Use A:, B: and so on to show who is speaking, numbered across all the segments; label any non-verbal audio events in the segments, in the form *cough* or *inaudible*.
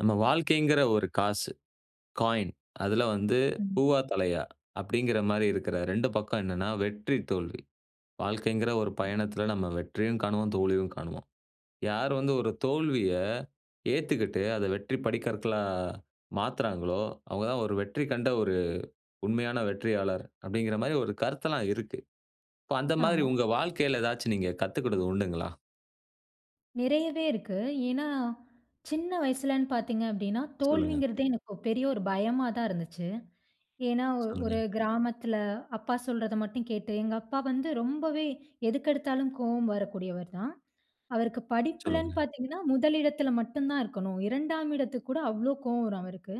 A: நம்ம வாழ்க்கைங்கிற ஒரு காசு. காயின் அதுல வந்து
B: ம்.
A: "பூவா? தலையா?" அப்பிடிங்கிறமாரி இருக்கிற 2 பக்கம் என்னன்னா, வெற்றி, தோல்வி. வாழ்க்கைங்கிற ஒரு
B: ம்.
A: பயணத்தில நம்ம வெற்றியும் காணுவோம். தோல்வியும் காணுவோம். "யார் வந்து ஒரு தோல்விய ஏத்துக்கிட்டு, அத வெற்றி படிக்கற்களா மாத்துறாங்களோ! அவுங்க தான் ஒரு வெற்றி கண்ட ஒரு உண்மையான வெற்றியாளர்" அப்பிடிங்கிறமாரி ஒரு கருத்தெல்லாம் இருக்கு. இப்ப அந்தமாரி
B: ஆமா.
A: உங்க வாழ்க்கையில ஏதாச்சும் நீங்க கத்துக்கிட்டது உண்டுங்களா?
B: நிறையவே இருக்கு. ஏன்னா சின்ன வயசுலன்னு பாத்தீங்க அப்டின்னா,
A: சொல்லுங்க.
B: தோல்விங்கிறதே எனக்கு பெரிய ஒரு பயமா தான் இருந்துச்சு. ஏன்னா ஒ ஒரு
A: சொல்லுங்க.
B: கிராமத்ல, அப்பா சொல்றத மட்டும் கேட்டு, எங்க அப்பா வந்து ரொம்பவே எதுக்கெடுத்தாலும் கோவம் வரக்கூடியவர் தான். அவருக்கு படிப்புலன்
A: சொல்லுங்க.
B: பாத்தீங்கன்னா, முதல் இடத்தில மட்டும் தான் இருக்கணும். 2- ஆம் இடத்துக்கு கூட அவ்ளோ கோவம் வரும் அவருக்கு.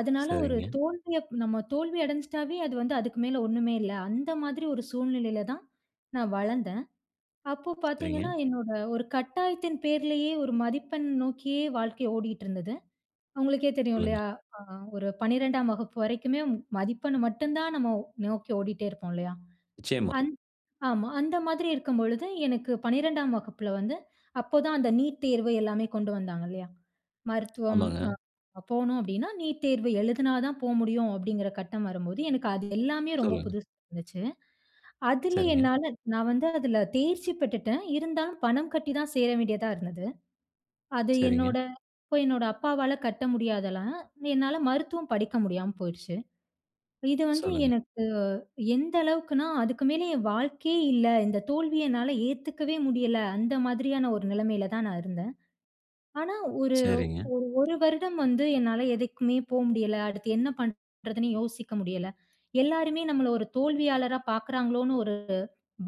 B: அதனால ஒரு
A: சரிங்க.
B: தோல்விய நம்ம தோல்வி அடைஞ்சிட்டாவே அது வந்து அதுக்கு மேல ஒண்ணுமே இல்ல. அந்த மாதிரி ஒரு சூழ்நிலையில தான் நான் வளந்தேன். அப்போ பாத்தீங்கன்னா,
A: சரிங்க.
B: என்னோட ஒரு கட்டாயத்தின் பேர்லயே ஒரு மதிப்பெண் நோக்கியே வாழ்க்கை ஓடிட்ருந்தது. உங்களுக்கே தெரியும்
A: சொல்லுங்க.
B: இல்லயா! ஆ ஒரு 12- ஆம் வகுப்பு வரைக்குமே மதிப்பெண்ண மட்டும் தான் நம்ம நோக்கி ஓடிட்டே இருப்போம் இல்லயா!
A: நிச்சயமா.
B: அந் ஆமா, அந்த மாதிரி இருக்கும்பொழுது, எனக்கு 12- ஆம் வகுப்பில வந்து, அப்ப தான் அந்த நீட் தேர்வு எல்லாமே கொண்டு வந்தாங்க இல்லயா! மருத்துவம்
A: ஆமாங்க.
B: ஆ போணும் அப்பிடின்னா, நீட் தேர்வு எழுதுனாதான் போ முடியும் அப்பிடிங்கிற கட்டம் வரும்போது எனக்கு அது எல்லாமே ரொம்ப
A: சொல்லுங்க.
B: புதுசா இருந்துச்சு. அதில
A: சரிங்க.
B: என்னால நான் வந்து அதில தேர்ச்சி பெற்றுட்டேன். இருந்தாலும் பணம் கட்டி தான் சேர வேண்டியதா இருந்தது. அது
A: சரிங்க.
B: என்னோட அப்பா என்னோட அப்பாவால கட்ட முடியாது அதெல்லாம். என்னால மருத்துவம் படிக்க முடியாம போயிருச்சு. இது வந்து
A: சொல்லுங்க.
B: எனக்கு எந்த அளவுக்குனா, அதுக்கு மேலே என் வாழ்க்கையே இல்ல! இந்த தோல்விய என்னால ஏததுக்கவே முடியல! அந்த மாதிரியான ஒரு நிலைமையில தான் நான் இருந்தேன். ஆனா ஒரு ஒரு
A: சரிங்க.
B: ஒரு வருடம் வந்து என்னால எதுக்குமே போ முடியல. அடுத்து என்ன பண்றதுன்னு யோசிக்க முடியல. எல்லாருமே நம்மள ஒரு தோல்வியாளரா பாக்குறாங்களோன்னு ஒரு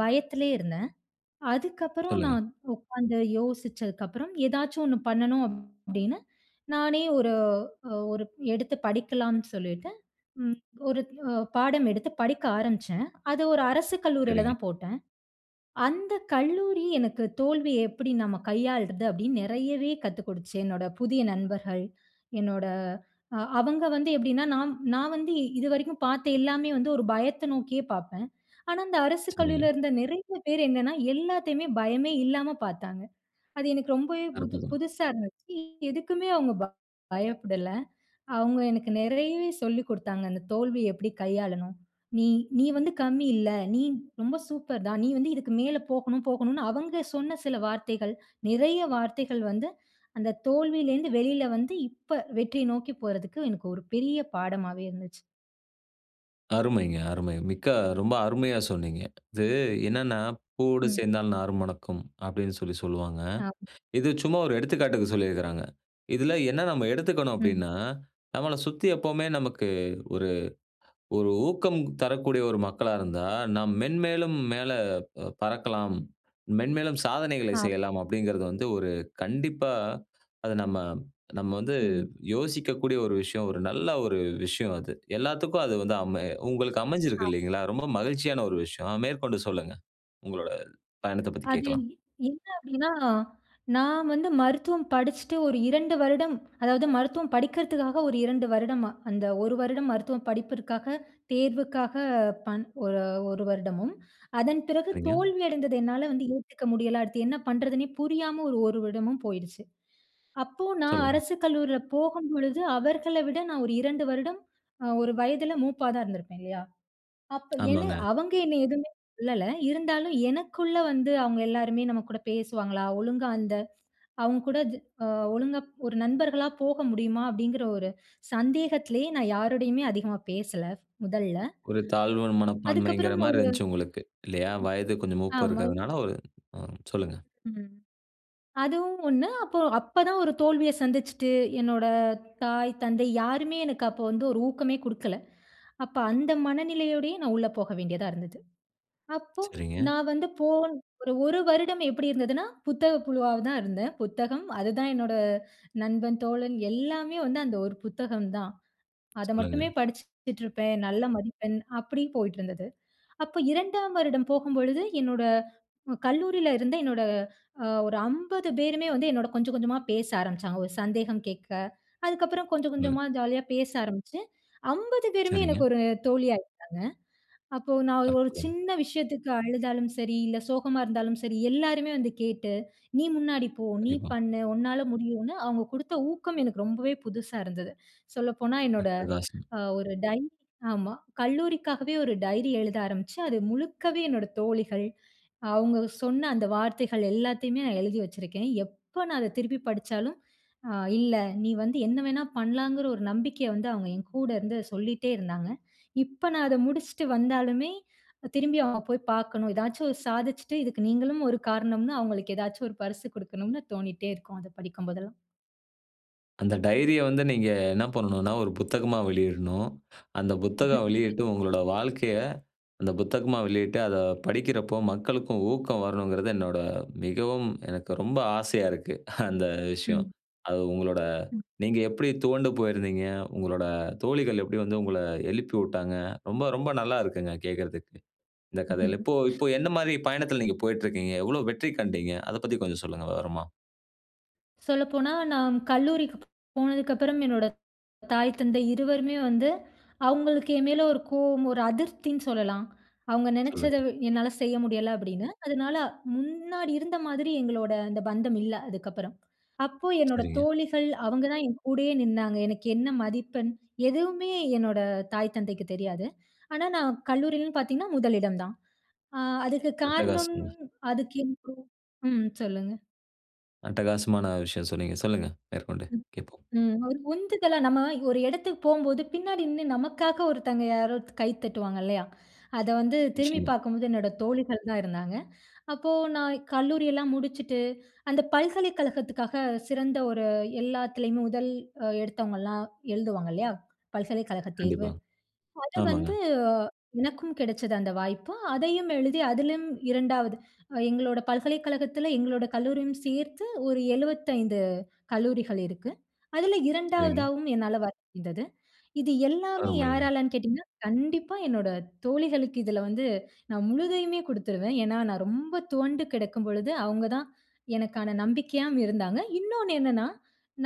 B: பயத்லயே இருந்தேன். அதுக்கப்புறம்
A: சொல்லுங்க.
B: நான் உக்காந்து யோசிச்சதுக்கப்புறம் "ஏதாச்சும் 1 பண்ணணும்" அப்டின்னு, நானே ஒரு அ ஒரு எடுத்து படிக்கலான்னு சொல்லிட்டு, ம் ஒரு அ பாடம் எடுத்து படிக்க ஆரம்பிச்சேன். அது ஒரு அரசு கல்லூரில
A: சரிங்க.
B: தான் போட்டேன். அந்த கல்லூரி எனக்கு "தோல்விய எப்பிடி நம்ம கையாள்றது" அப்டின்னு நிறையவே கத்துக் கொடுத்துச்சு என்னோட புதிய நண்பர்கள், என்னோட அ அவங்க வந்து எப்டின்னா நான் நான் வந்து இதுவரைக்கும் பாத்த எல்லாமே வந்து ஒரு பயத்த நோக்கியே பாப்பேன். ஆனா, அந்த அரசு
A: சரிங்க.
B: கல்லூரிலருந்த நிறைய பேரு என்னன்னா, எல்லாத்தையுமே பயமே இல்லாம பாத்தாங்க! அது எனக்கு ரொம்பவே புது
A: அற்புதம்.
B: புதுசா இருந்துச்சு எதுக்குமே அவுங்க *unintelligible* பயப்படல. அவுங்க எனக்கு நெறையவே சொல்லிக் கொடுத்தாங்க, அந்த தோல்விய எப்பிடி கையாளனும். நீ நீ வந்து கம்மி இல்ல! நீ ரொம்ப சூப்பர் தான். நீ! வந்து இதுக்கு மேல போகணும், போகணுன்னு அவங்க சொன்ன சில வார்த்தைகள், நிறைய வார்த்தைகள் வந்து அந்த தோல்விலேருந்து வெளில வந்து, இப்ப, வெற்றிய நோக்கி போறதுக்கு எனக்கு ஒரு பெரிய பாடமாவே இருந்துச்சு.
A: அருமைங்க, அருமை! மிக்க ரொம்ப அருமையா சொன்னீங்க. இது என்னன்னா, “பூவோடு
B: ம்.
A: சேர்ந்தால் நாரும் மணக்கும்” அப்படின்னு சொல்லி சொல்வாங்க.
B: ஆ. *unintelligible*
A: இது சும்மா ஒரு எடுத்துக்காட்டுக்கு சொல்லிருக்குறாங்க. இதில என்ன நம்ம எடுத்துக்கணும்
B: ம்.
A: அப்படின்னா, நம்மள சுத்தி எப்பவுமே நமக்கு ஒரு ஒரு ஊக்கம் தரக்கூடிய ஒரு மக்களா இருந்தா, நாம் மென்மேலும் மேல அ பறக்கலாம், மென்மேலும் சாதனைகளை
B: ஆமா.
A: செய்யலாம் அப்படிங்கிறத வந்து, ஒரு கண்டிப்பா, அது நம்ம நம்ம வந்து
B: ம்.
A: யோசிக்கக்கூடிய ஒரு விஷயம், ஒரு நல்லா ஒரு விஷயம் அது. எல்லாத்துக்கும் அது வந்து அமை உங்களுக்கு அமைஞ்சிருக்கு,
B: *unintelligible*
A: இல்லைங்களா? ரொம்ப மகிழ்ச்சியான ஒரு விஷயம்! மேற்கொண்டு சொல்லுங்க, உங்களோட பயணத்தப் பத்தி
B: அது என்
A: கேக்கலாம்.
B: என்ன அப்படின்னா, நான் வந்து மருத்துவம் படிச்சுட்டு ஒரு 2 வருடம், அதாவது மருத்துவம் படிக்கிறதுக்காக ஒரு 2 வருடமா, அந்த 1 வருடம் மருத்துவம் படிப்பிற்காக, தேர்வுக்காக பண் ஒரு 1 வருடமும், அதன் பிறகு
A: சரிங்க.
B: தோல்வி அடைந்தது என்னால வந்து ஏத்துக்க முடியல. அடுத்து என்ன பண்றதுன்னே புரியாம ஒரு 1 வருடமும் போயிடுச்சு. அப்போ நான்
A: சொல்லுங்க.
B: அரசு கல்லூரியில போகும்பொழுது அவர்கள விட நான் ஒரு 2 வருடம் அ ஒரு வயதில மூப்பா தான் இருந்திருப்பேன், இல்லையா? அப்போ என்ன
A: ஆமாங்க.
B: அவங்க என்ன எதுமே சொல்லல. இருந்தாலும் எனக்குள்ள வந்து, அவுங்க எல்லாருமே நம்ம கூட பேசுவாங்களா? ஒழுங்கா அந்த அவுங்க கூட ஜ அ ஒழுங்கா ஒரு நண்பர்களா போக முடியுமா? அப்படிங்குற ஒரு சந்தேகத்துலயே நான் யாருடையுமே அதிகமா பேசல, முதல்ல
A: ஒரு தாழ்வு மனப்பான்மைங்குற
B: அதுக்கப்புறம்
A: மாரி
B: ஒரு ம்
A: இருந்ச்சு உங்களுக்கு இல்லையா? வயது கொஞ்சம் மூப்பு
B: ஆமா.
A: இருக்குதனால, ஒரு ம் சொல்லுங்க.
B: ம். அதுவும் ஒண்ணு. அப்போ அப்ப தான் ஒரு தோல்விய சந்திச்சுட்டு, என்னோட தாய் தந்தை யாருமே எனக்கு அப்போ வந்து ஒரு ஊக்கமே குடுக்கல. அப்ப அந்த மனநிலையோடயே நான் உள்ள போக வேண்டியதா இருந்தது. அப்போ
A: சரிங்க.
B: நான் வந்து போன் ஒரு 1 வருடம் எப்படி இருந்ததுன்னா, புத்தக புழுவா வ தான் இருந்தேன. புத்தகம் அதுதான் என்னோட நண்பன், தோழன், எல்லாமே வந்து அந்த ஒரு புத்தகம் தான். அத
A: சொல்லுங்க.
B: மட்டுமே படிச்சுட்ருப்பேன். நல்ல மதிப்பெண் அப்டி போயிட்ருந்தது. அப்ப 2ஆம் வருடம் போகும்பொழுது, என்னோட கல்லூரியிலருந்த என்னோட அ ஒரு 50 பேருமே வந்து என்னோட கொஞ்சம் கொஞ்சமா பேச ஆரம்பிச்சாங்க, ஒரு சந்தேகம் கேக்க. அதுக்கப்பறம் கொஞ்சம்
A: ம்.
B: கொஞ்சமா ஜாலியா பேச ஆரம்பிச்சுட்டு, 50 பேருமே எனக்கு
A: சரிங்க.
B: ஒரு தோழி ஆயிட்டாங்க. அப்போ நான் ஒரு
A: அற்புதம்!
B: சின்ன விஷயத்துக்கு அழுதாலும் சரி, இல்ல சோகமா இருந்தாலும் சரி, எல்லோருமே வந்து கேட்டு, “நீ முன்னாடி போ, நீ
A: கண்டிப்பா.
B: பண்ணு, உன்னால முடியும்னு!” அவுங்க குடுத்த ஊக்கம் எனக்கு ரொம்பவே புதுசா இருந்தது. சொல்லப்போனா என்னோட
A: அட்டகாசம்.
B: அ ஒரு டைரி ஆமா கல்லூரிக்காகவே ஒரு டைரி எழுத ஆரம்பிச்சு, அது முழுக்கவே என்னோட தோழிகள், அவங்க சொன்ன அந்த வார்த்தைகள் எல்லாத்தையுமே நான் எழுதி வச்சுருக்கேன். எப்ப நான் அத திருப்பி படிச்சாலும், அ இல்ல நீ வந்து என்ன வேண்ணா பண்லாம்ங்குற ஒரு நம்பிக்கைய வந்து அவுங்க என் கூட இருந்து சொல்லிட்டே இருந்தாங்க. இப்ப நான் அத முடிச்ட்டு வந்தாலுமே, திரும்பி அவுங்கள போய் பாக்கணும். ஏதாச்சும் ஒரு சாதிச்சுட்டு, இதுக்கு நீங்களும் ஒரு காரணம்ன்னு, அவுங்களுக்கு ஏதாச்சும் ஒரு பரிசுகுடுக்கணும்ன்னு தோணிட்டே இருக்கும், அத படிக்கும் போதெல்லாம்.
A: அந்த டைரிய வந்து, நீங்க என்ன பண்ணணும்னா, ஒரு புத்தகமா வெளியிடணும். அந்த புத்தகம்
B: *chuckles*
A: வெளியிட்டு, உங்களோட வாழ்க்கைய, அந்த புத்தகமா வெளியிட்ட, அத படிக்கிறப்போ, மக்களுக்கும் ஊக்கம் வரணுங்கிறது என்னோட மிகவும், எனக்கு ரொம்ப ஆசையா இருக்கு, அந்த விஷயம்.
B: ம்.
A: அது உங்களோட
B: ம்.
A: நீங்க எப்டி துவண்டு போயிருந்தீங்க? உங்களோட தோழிகள் எப்டி வந்து, உங்கள எழுப்பி விட்டாங்க ரொம்ப, ரொம்ப நல்லாயிருக்குங்க கேட்கறதுக்கு. இந்த கதைல இப்போ
B: *chuckles*
A: இப்போ என்ன மாரி பயணத்துல நீங்க போயிட்டுருக்கீங்க? எவ்ளோ வெற்றி கண்டீங்க? அத பத்தி கொஞ்ச சொல்லுங்க? விவரமா.
B: சொல்லப்போனா, நான் கல்லூரிக்கு போனதுக்கப்றம், என்னோட தாய், தந்தை இருவருமே வந்து, அவுங்களுக்கு என் மேல ஒரு கோவம், ஒரு அதிருப்தினு சொல்லலாம். அவங்க நினைச்சத,
A: சொல்லுங்க.
B: என்னால செய்ய முடியல, அப்டின்னு. அதனால, முன்னாடி இருந்த மாதிரி எங்களோட அந்த பந்தம் இல்ல, அதுக்கப்பறம். அப்போ, என்னோட
A: சரிங்க.
B: தோழிகள் அவங்க தான் என் கூடயே நின்னாங்க. எனக்கு என்ன மதிப்பெண்? எதுவுமே என்னோட தாய் தந்தைக்கு தெரியாது. ஆனா, நான் கல்லூரிலன்னு பாத்தீங்கன்னா, முதலிடம் தான். அ, அதுக்கு காரணம்
A: அட்டகாசங்க!
B: அதுக்கு *unintelligible* ம், சொல்லுங்க.
A: அட்டகாசமான விஷயம் சொன்னீங்க. சொல்லுங்க மேற்கொண்டு,
B: ம்,
A: கேட்போம்.
B: ம். ஒரு உந்துதலா. நம்ம ஒரு இடத்துக்கு போகும்போது, பின்னாடி நின்னு, நமக்காக ஒருத்தவங்க யாரோ கை தட்டுவாங்க இல்லையா? அத, வந்து திரும்பி
A: நிச்சயமா.
B: பாக்கும்போது என்னோட தோழிகள் தான் இருந்தாங்க. அப்போ, நான் கல்லூரியெல்லாம் முடிச்சுட்டு, அந்த பல்கலைக்கழகத்துக்காக சிறந்த ஒரு எல்லாத்துலயும், முதல் எடுத்தவங்கலாம் எழுதுவாங்கல்லையா? பல்கலைக்கழக தேர்வு.
A: கண்டிப்பா.
B: அத
A: ஆமாங்க.
B: வந்து, எனக்கும் கிடைச்சது, அந்த வாய்ப்பு. அதையும் எழுதி அதிலும் 2வது எங்களோட பல்கலைக்கழகத்தில, எங்களோட கல்லூரியும் சேர்த்து ஒரு 75 கல்லூரிகள் இருக்கு. அதில
A: சரிங்க.
B: 2வதாவும் என்னால வர முடிந்தது. இது எல்லாமே
A: அருமைங்க.
B: யாராலன்னு கேட்டீங்கன்னா, கண்டிப்பா என்னோட தோழிகளுக்கு, இதில வந்து நான் முழுதையுமே குடுத்துருவேன். ஏன்னா, நான் ரொம்ப துவண்டு கிடக்கும் பொழுது அவங்க தான், எனக்கான நம்பிக்கையாவும் இருந்தாங்க. இன்னொனு என்னனா,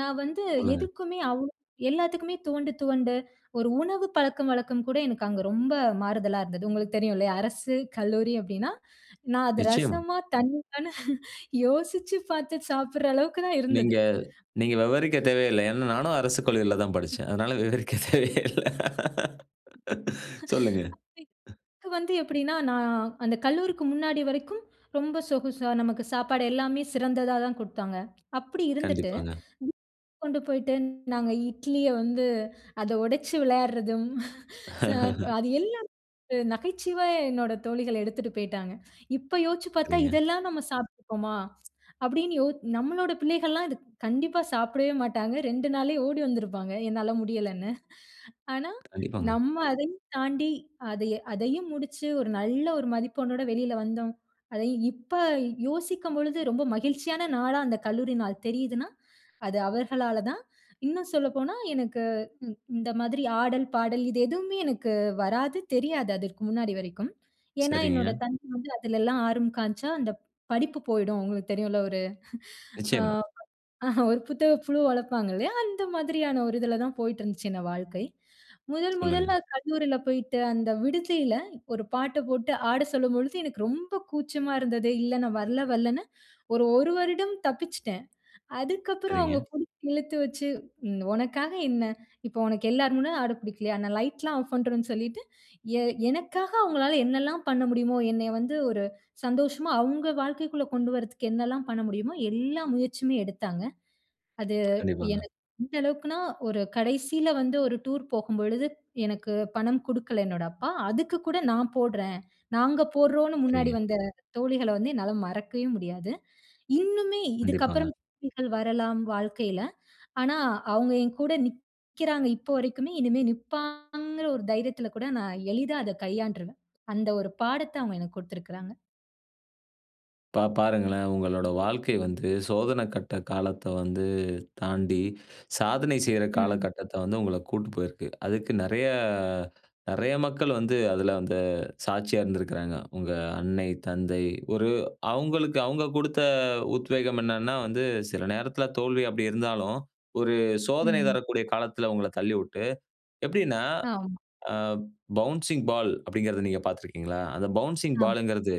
B: நான் வந்து
A: சொல்லுங்க.
B: எதுக்குமே அவ் எல்லாத்துக்குமே துவண்டு, துவண்டு, ஒரு உணவு பழக்கம் வழக்கம் கூட எனக்கு அங்க ரொம்ப மாறுதலா இருந்தது. உங்களுக்கு தெரியுல்லையா? அரசு கல்லூரி அப்டின்னா, நான் அது
A: நிச்சயமா.
B: ரசமா? தண்ணியானு? யோசிச்சு பாத்து சாப்ற அளவுக்கு தான்,
A: நீங்க,
B: இருந்தது.
A: நீங்க விவரிக்கத் தேவையில்ல. ஏனா, நானும் அரசு கல்லூரிலதா படிச்சேன். அதனால விவரிக்க தேவையே இல்ல.
B: *unintelligible*
A: சொல்லுங்க. அ.
B: எனக்கு, வந்து எப்டின்னா, நான் அந்த கல்லூரிக்கு முன்னாடி வரைக்கும் ரொம்ப சொகுசா, நமக்கு சாப்பாடு எல்லாமே சிறந்ததா தான் குடுத்தாங்க. அப்டி இருந்துட்டு,
A: கண்டிப்பாங்க.
B: *unintelligible* கொண்டு போயிட்டு நாங்க இட்லிய வந்து, அத உடைச்சு விளையாடுறதும், *chuckles* ச
A: *chuckles*
B: அது எல்லாம் நகைச்சுவை, என்னோட தோழிகள் எடுத்துட்டு போய்ட்டாங்க. இப்போ, யோசிச்சு பாத்தா,
A: சரிங்க.
B: இதெல்லாம் நம்ம சாப்பிட்டுருப்போமா. அப்டின்னு, யோ நம்மளோட பிள்ளைகள்லாம், இத கண்டிப்பா சாப்டவே மாட்டாங்க. 2 நாளே ஓடி வந்துருப்பாங்க, என்னால முடியலன்னு. ஆனா,
A: கண்டிப்பாங்க.
B: நம்ம அதையும் தாண்டி, அதை அதையும் முடிச்சு, ஒரு நல்ல ஒரு மதிப்பெண்ணோடு வெளியில வந்தோம். அதையும் இப்ப, யோசிக்கும் பொழுது ரொம்ப மகிழ்ச்சியான நாளா, அந்த கல்லூரி நாள் தெரியுதுன்னா, அது அவர்களால தான். இன்னும் சொல்லப்போனா, எனக்கு இந் இந்த மாதிரி, ஆடல், பாடல் இது எதுவுமே எனக்கு வராது. தெரியாது, அதற்க்கு முன்னாடி வரைக்கும். ஏன்னா, என்னோட
A: சரிங்க.
B: தந்தை வந்து அதலெல்லாம் ஆர்வம் காமிச்சா, அந்த படிப்பு போயிடும். உங்களுக்கு தெரியும்ல ஒரு, *chuckles* ஆ,
A: நிச்சயமா.
B: ஆஹ, ஒரு புத்தக புழு வளர்ப்பாங்க இல்லையா? அந்த மாதிரியான ஒரு இதுல தான், போய்ட்டுருந்துச்சு இந்த வாழ்க்கை. முதன்
A: சொல்லுங்க.
B: முதல்ல கல்லூரில போயிட்டு, அந்த விடுதில ஒரு பாட்ட போட்டு ஆட சொல்லும் பொழுது, எனக்கு ரொம்ப கூச்சமா இருந்தது. இல்ல, நான் வரல, வரலன்னு. ஒரு, 1 வருடம் தப்பிச்சுட்டேன். அதுக்கப்பறம் அவங்க,
A: சரிங்க.
B: புடிச்சு இழுத்து வச்சு, உனக்காக என்ன? இப்ப உனக்கு எல்லார் முன்ன ஆட பிடிக்கலையா, நான் லைட்லாம் ஆஃப் பண்றோன்னு சொல்லிட்டு, எ எனக்காக அவங்களால, என்னலாம் பண்ண முடியுமோ, என்னைய வந்து ஒரு சந்தோஷமா, அவங்க வாழ்க்கைக்குள்ள கொண்டு வரதுக்கு என்னலாம் பண்ண முடியுமோ, எல்லா முயற்சியுமே எடுத்தாங்க. அது
A: கண்டிப்பாங்க.
B: எனக்கு, எந்த அளவுக்குனா, ஒரு கடைசியில வந்து, ஒரு டூர் போகும்பொழுது எனக்கு பணம் குடுக்கல, என்னோட அப்பா. அதுக்கு கூட நான் போடுறேன். நாங்க போடுறோம்ன்னு முன்னாடி
A: சரிங்க.
B: வந்த தோழிகள வந்து, என்னால மறக்கவே முடியாது. இன்னுமே
A: கண்டிப்பாங்க.
B: இதுக்கப்பறம் தோழிகள் வரலாம், வாழ்க்கையில. ஆனா, அவங்க என் கூட நிக்கிறாங்க, இப்ப வரைக்குமே. இனிமே நிப்பாங்கிற ,ஒரு தைரியத்தில கூட நான் எளிதா, அத கையாண்டுருவேன். அந்த ஒரு பாடத்த, அவங்க எனக்கு கொடுத்துருக்றாங்க.
A: இப்ப பாருங்களேன் உங்களோட வாழ்க்கை வந்து சோதன கட்ட காலத்த வந்து தாண்டி, சாதனை செய்ற
B: ம்.
A: காலகட்டத்த வந்து உங்கள கூட்டு போயிருக்கு. அதுக்கு நெறைய அ நெறைய மக்கள் வந்து அதுல அந்த சாட்சியா இருந்திருக்குறாங்க. உங்க அன்னை, தந்தை ஒரு அவங்களுக்கு அவங்க குடுத்த அ உத்வேகம் என்னன்னா வந்து, சில நேரத்துல தோல்வி அப்டி இருந்தாலும். ஒரு சோதனை
B: ம்.
A: தரக்கூடிய காலத்துல உங்கள தள்ளிவுட்டு, எப்டின்னா
B: ஆம்.
A: ஆ பவுன்சிங் பால் அப்டின்கிறத நீங்க பாத்தீருக்கிங்களா? அந்த பவுன்சிங்
B: ஆம்.
A: பால்ன்குறது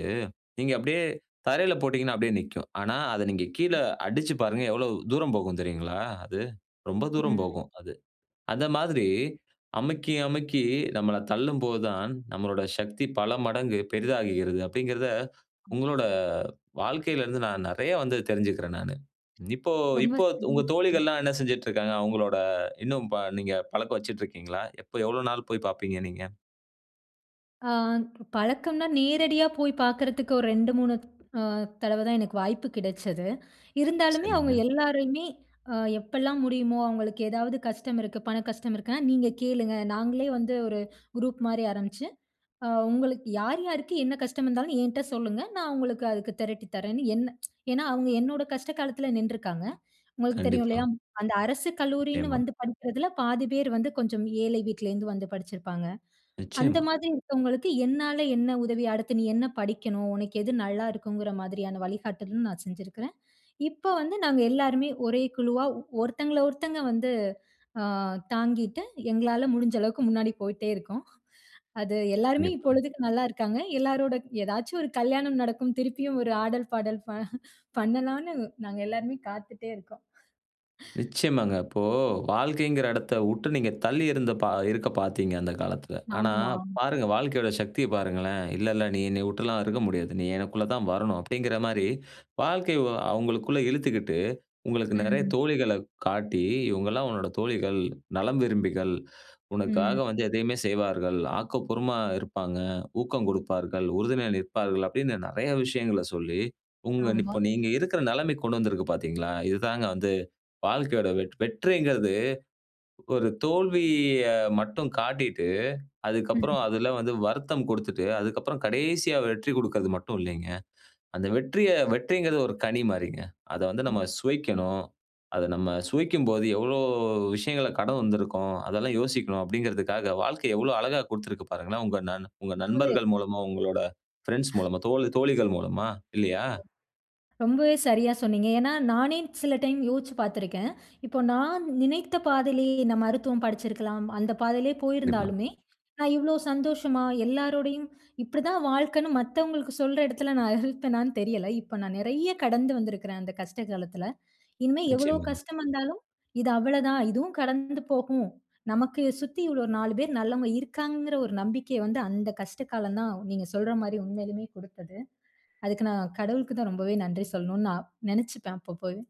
A: நீங்க அப்டியே தரையில போட்டீங்கன்னா அப்டியே நிக்கும். ஆனா, அதை நீங்க கீழ அடிச்சி பாருங்க எவ்வளவு தூரம் போகும் தெரியுங்களா. அது ரொம்ப தூரம்
B: ம்.
A: போகும் அது. அந்த மாதிரி அமுக்கி, அமுக்கி நம்மள தள்ளும்போது தான் நம்முடைய சக்தி பல மடங்கு பெரிதாகுகிறது. அப்டிங்கிறத உங்களோட வாழ்க்கையில இருந்து நான் நெறைய வந்து தெரிஞ்சிக்குறேன் நானு. இப்போ,
B: ரொம்ப
A: இப்போ த்
B: சரியா,
A: உங்க தோழிகள்லாம் என்ன செஞ்சிட்டு இருக்காங்க. அவங்களோட இன்னும் பா நீங்க பழக்கம் வச்சிட்டிருக்கிங்களா? எப்போ எவ்வளவு நாள் போய் பாப்பீங்க நீங்க?
B: ஆ. பழக்கம்னா நேரடியா போய் பாக்குறதுக்கு ஒரு 2,3 ஆ தடவ தான் எனக்கு வாய்ப்பு கிடைச்சது. இருந்தாலுமே அவங்க
A: சரிங்க.
B: எல்லாரையுமே அ எப்போலாம் முடியுமோ, அவங்களுக்கு ஏதாவது கஷ்டம் இருக்கு. பண கஷ்டம் இருக்குனா, நீங்க கேளுங்க நாங்களே வந்து ஒரு குரூப் மாரி ஆரம்பிச்சு அ உங்களுக்கு யார், யாருக்கு என்ன கஷ்ட இருந்தாலும் என்கிட்ட சொல்லுங்க, நான் உங்களுக்கு அதுக்கு திரட்டித் தரேன்ன்னு என்ன. ஏனா, அவங்க என்னோட கஷ்ட காலத்துல நின்றுக்காங்க. உங்களுக்கு தெரியும்
A: கண்டிப்பா.
B: இல்லையா. அந்த அரசு கல்லூரின்னு
A: ஆமா.
B: வந்து படிக்கிறதுல பாதி பேர் வந்து கொஞ்சம் ஏழை வீட்லேருந்து வந்து படிச்சிருப்பாங்க. அந்த
A: நிச்சயமா.
B: மாதிரி இருக்கவங்களுக்கு என்னால என்ன உதவி. அடுத்து நீ என்ன படிக்கணும், உனக்கு எது நல்லாயிருக்குங்கிற மாரியான வழிகாட்டலும், நான் செஞ்சிருக்குறேன். இப்போ வந்து நாங்க எல்லாருமே ஒரே குழுவா ஒருத்தங்கள, ஒருத்தங்க வந்து ஆ தாங்கிட்டு எங்களால முடிஞ்ச அளவுக்கு முன்னாடி போயிட்டே இருக்கோம். அது எல்லாருமே
A: கண்டிப்பாங்க.
B: இப்பொழுதுக்கு நல்லாயிருக்காங்க. எல்லோரோட ஏதாச்சும் ஒரு கல்யாணம் நடக்கும். திருப்பியும் ஒரு ஆடல், பாடல் ப *chuckles* பண்ணலாம்னு நாங்க எல்லாருமே காத்துட்டே இருக்கோம். *exhales*
A: நிச்சயமாங்க. இப்போ வாழ்க்கைங்கிற இடத்தவுட்டு நீங்க தள்ளி இருந்த பா இருக்க பாத்தீங்க அந்த காலத்துல. ஆனா,
B: ஆமாம்.
A: பாருங்க வாழ்க்கையோட சக்திய பாருங்களேன். இல்ல, இல்ல நீ என்னைய உட்டுலாம் இருக்க முடியாது. நீ எனக்குள்ள தான் வரணும் அப்டிங்கிற மாரி. வாழ்க்கை அவங்களுக்குள்ள இழுத்துக்கிட்டு உங்களுக்கு நெறைய
B: ம்.
A: தோழிகள்ல காட்டி. இவங்க எல்லாம் உன்னுடைய தோழிகள், நலம் விரும்பிகள், உனக்காக
B: ம்.
A: வந்து எதையுமே செய்வார்கள். ஆக்கப்பூர்வமா இருப்பாங்க. ஊக்கம் கொடுப்பார்கள், உறுதுணையில் நிற்பார்கள் அப்டினு நெறைய விஷயங்கள்ல சொல்லி. உங்க
B: ஆமா.
A: இப்போ நீங்க இருக்கிற நிலைமைக்கு கொண்டு வந்திருக்கு பாத்தீங்களா. இது தாங்க வந்து வாழ்க்கையோட வெட் வெற்றிங்கிறது ஒரு தோல்விய மட்டும் காட்டிட்டு, அதுக்கப்புறம்
B: ம்.
A: அதுல வந்து வருத்தம் கொடுத்துட்டு அதுக்கப்புறம் கடைசியா வெற்றி கொடுக்கறது மட்டும் இல்லைங்க. அந்த வெற்றிய வெற்றிங்கிறது ஒரு கனி மாரிங்க. அத வந்து
B: ம்.
A: நம்ம சுவைக்கணும். அத நம்ம சுவைக்கும் போது எவ்ளோ விஷயங்கள்ல கடந்து வந்திருக்கோம். அதெல்லாம் யோசிக்கணும் அப்டிங்கிறதுக்காக வாழ்க்கை எவ்வளவு அழகா குடுத்திருக்கு பாருங்களேன். உங்க நண் உங்க
B: இப்போவே,
A: நண்பர்கள் மூலமா உங்களோட பிரெண்ட்ஸ் மூலமா, தோ தோழிகள் மூலமா இல்லியா?
B: ரொம்பவே சரியா சொன்னீங்க. ஏனா, நானே சில டைம் யோச்சி பார்த்துருக்கன். இப்போ நான் நினைத்த பாதையிலேயே இந்த மருத்துவம் படிச்சிருக்கலாம். அந்த பாதையிலேயே
A: கண்டிப்பா.
B: போயிருந்தாலுமே, நான் இவ்ளோ சந்தோஷமா, எல்லாருடையும் இப்டி தான் வாழ்க்கைன்னு மத்தவங்களுக்கு சொல்ற இடத்துல நான் இருப்பேனானு தெரியல. இப்ப நான் நெறைய கடந்து வந்திருக்கிறன் அந்த கஷ்ட காலத்துல. இனிமேல் எவ்ளோ
A: நிச்சயமாங்க.
B: கஷ்டம் வந்தாலும், இது அவ்ளோ தான் இதுவும் கடந்து போகும். நமக்கு சுத்தி இவ்ளோ 4 பேர் நல்லவங்க இருக்காங்கங்கிற ஒரு நம்பிக்கை வந்து அந்த கஷ்ட காலம் தான், நீங்க சொல்ற மாரி உண்மையிலுமே குடுத்தது. அதுக்கு நான் கடவுளுக்கு தான் ரொம்பவே நன்றி சொல்லணும் நான் நெனைச்சுப்பேன் அப்பப்போவே.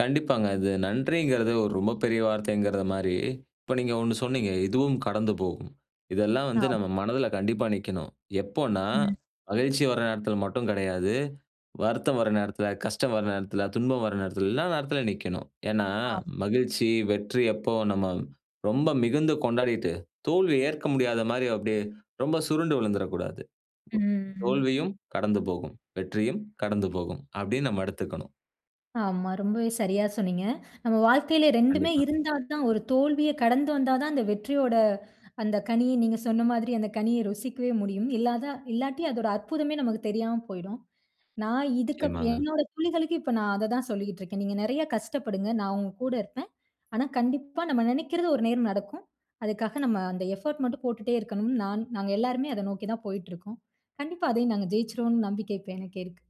A: கண்டிப்பாங்க. அது நன்றிங்குறது ஒரு ரொம்ப பெரிய வார்த்தைங்கிறத மாரி, இப்போ நீங்க ஒண்ணு சொன்னீங்க, "இதுவும் கடந்து போகும்", இதெல்லாம் வந்து
B: ஆம்.
A: நம்ம மனதுல கண்டிப்பா நிக்கணும். எப்போனா,
B: ம்.
A: மகிழ்ச்சி வர நேரத்துல மட்டும் கடையாது. வருத்தம் வர நேரத்துல, கஷ்டம் வர நேரத்துல, துன்பம் வர நேரத்துல்லாம் எல்லா நேரத்துல நிக்கணும். ஏனா
B: ஆம்.
A: மகிழ்ச்சி, வெற்றி எப்போ நம்ம ரொம்ப மிகுந்து கொண்டாடிட்டு, தோல்விய ஏற்க முடியாத மாரி அப்டியே ரொம்ப சுருண்டு விழுந்துறக்கூடாது.
B: ம்,
A: தோ
B: ம்.
A: தோல்வியும் கடந்து போகும், வெற்றியும் கடந்து போகும், அப்டின்னு நம்ம எடுத்துக்கணும்.
B: ஆமா. ரொம்பவே சரியா சொன்னீங்க. நம்ம வாழ்க்கையில 2மே
A: கண்டிப்பாக.
B: இருந்தா தான் ஒரு தோல்விய கடந்து வந்தா தான், அந்த வெற்றியோட அந்த கனியை, நீங்க சொன்ன மாதிரி அந்த கனிய ருசிக்கவே முடியும். இல்லாதா இல்லாட்டி அதோட அற்புதமே நமக்கு தெரியாம போயிடும். நான் இதுக்கப்
A: நிச்சியமாங்க.
B: என்னோட தோழிகளுக்கு இப்ப நான் அத தான் சொல்லிகிட்டுருக்கேன். நீங்க நெறைய கஷ்டப்படுங்க, நான் உங்க கூட இருப்பேன். ஆனா, கண்டிப்பா நம்ம நெனைக்கிறது ஒரு நேரம் நடக்கும். அதுக்காக நம்ம அந்த எஃபோர்ட் மட்டும் போட்டுட்டே இருக்கணும்னு நான் நாங்க எல்லாருமே அத நோக்கி தான் போயிட்டுருக்கோம். கண்டிப்பா அதையும் நாங்க ஜெயிச்சறோம்னு நம்பிக்கை இப்ப எனக்கு இருக்கு.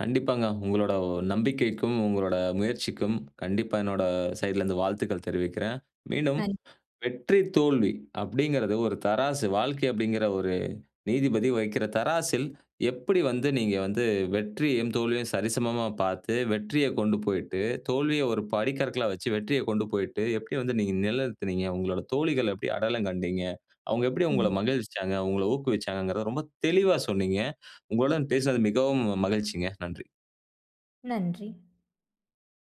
A: கண்டிப்பாங்க. உங்களோட நம்பிக்கைக்கும், உங்களோட முயற்சிக்கும் கண்டிப்பா என்னோட சைட்லருந்து வாழ்த்துக்கள் தெரிவிக்கிறேன். மீண்டும்
B: நன்
A: வெற்றி, தோல்வி அப்டிங்குறது ஒரு தராசு வாழ்க்கை அப்டிங்குற ஒரு நீதிபதி வக்கிற தராசில் எப்படி வந்து நீங்க வந்து வெற்றியும், தோல்வியும் சரிசமமா பார்த்து வெற்றியக் கொண்டு போய்ட்டு தோல்விய ஒரு படிக்கற்களா வச்சு வெற்றிய கொண்டு போய்ட்டு, எப்படி வந்து நீங்க நெலைநிறுத்தினீங்க? உங்களோட தோழிகள் எப்படி அடையாளம் கண்டீங்க? அவங்க எப்படி உங்கள
B: ம்.
A: மகிழ்விச்சாங்க? உங்கள ஊக்குவிச்சாங்கறத ரொம்ப தெளிவா சொன்னீங்க. உங்களுடன் பேசியது மிகவும் மகிழ்ச்சிங்க. நன்றி.
B: நன்றி.